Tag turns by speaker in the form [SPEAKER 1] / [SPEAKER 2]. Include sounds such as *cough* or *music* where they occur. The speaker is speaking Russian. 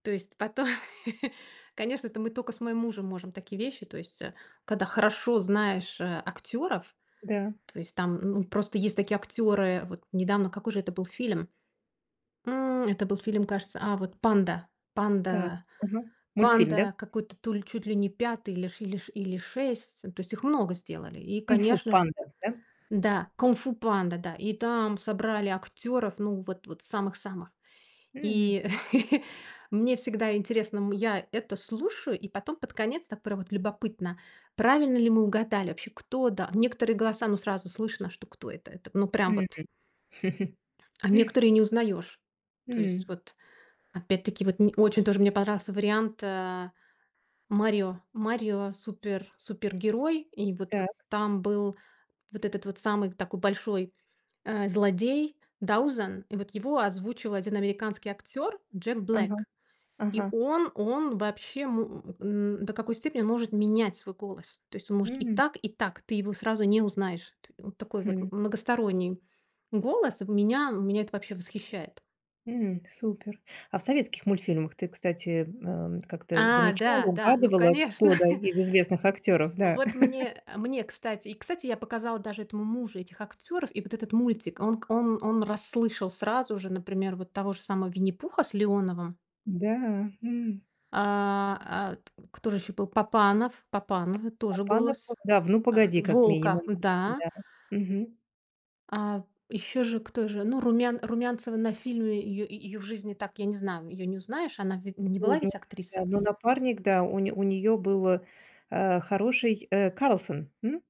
[SPEAKER 1] То есть по той. Конечно, это мы тока с моим мужем можем такие вещи. То есть, а, когда хорошо знаешь, а, актёров,
[SPEAKER 2] Да.
[SPEAKER 1] то есть там Н ну, просто есть такие актёры Вот недавно, какой же это был фильм? М. Это был фильм, кажется, а, вот- "Панда".
[SPEAKER 2] Так,
[SPEAKER 1] "Панда",
[SPEAKER 2] мгм. Мультфильм, да?
[SPEAKER 1] "Панда", какой-то, то ли, чуть ли не 5 или ш или ш или 6. То есть их много сделали, и,
[SPEAKER 2] "Кунг-фу
[SPEAKER 1] конечно же
[SPEAKER 2] Панда", да?
[SPEAKER 1] Да, "Кунг-фу Панда", да. И там собрали актеров, ну, вот вот самых-самых.
[SPEAKER 2] Мгм.
[SPEAKER 1] И *laughs* мне всегда интересно, м, я это слушаю, и потом под конец, так прям вот любопытно, правильно ли мы угадали вообще, кто, да. Некоторые голоса, ну, сразу слышно, что кто это. Это, ну, прям
[SPEAKER 2] Мгм.
[SPEAKER 1] вот
[SPEAKER 2] *chuckles*
[SPEAKER 1] А некоторые не узнаёшь. То есть
[SPEAKER 2] М.
[SPEAKER 1] вот, опять-таки, вот мне очень тоже мне понравился вариант, а, "Марио". "Марио супер супергерой". И вот вот
[SPEAKER 2] Так.
[SPEAKER 1] там был вот этот вот самый такой большой, а, злодей Даузен. И вот его озвучил один американский актёр- Джек Блэк.
[SPEAKER 2] Ага,
[SPEAKER 1] И
[SPEAKER 2] ага.
[SPEAKER 1] он он вообще мо м, н до какой степени он может менять свой голос. То есть он может и
[SPEAKER 2] М.
[SPEAKER 1] так, и так. Ты его сразу не узнаешь. Т он такой вот
[SPEAKER 2] Хм.
[SPEAKER 1] многосторонний голос. В меня меня это вообще восхищает.
[SPEAKER 2] М. Супер. А в советских мультфильмах ты, кстати, ам, как-то
[SPEAKER 1] А,
[SPEAKER 2] замечала,
[SPEAKER 1] да, да, ну,
[SPEAKER 2] угадывала,
[SPEAKER 1] конечно!
[SPEAKER 2] кто, да,
[SPEAKER 1] *chuckles*
[SPEAKER 2] из известных актеров, да?
[SPEAKER 1] Вот мне, э, мне, кстати И, кстати, я показала даже этому мужу этих актеров и вот этот мультик. Он к он он расслышал сразу же, например, вот того же самого Винни-Пуха с Леоновым.
[SPEAKER 2] Да, м.
[SPEAKER 1] А, а, т Кто же еще был? Папанов,
[SPEAKER 2] П
[SPEAKER 1] Папанов и тоже
[SPEAKER 2] Папанов,
[SPEAKER 1] голос,
[SPEAKER 2] он- да, в "Ну,
[SPEAKER 1] а,
[SPEAKER 2] погоди", как
[SPEAKER 1] волка,
[SPEAKER 2] минимум,
[SPEAKER 1] да.
[SPEAKER 2] м-да, мгм.
[SPEAKER 1] А еще же кто же, ну, Румян Румянцева на фильме, и ее и ее в жизни так я не знаю. Ее не узнаешь, она ведь не была
[SPEAKER 2] Трудно
[SPEAKER 1] ведь актриса.
[SPEAKER 2] узнать, но напарник, да, у не у нее был, а, хороший, э, Карлсон, м?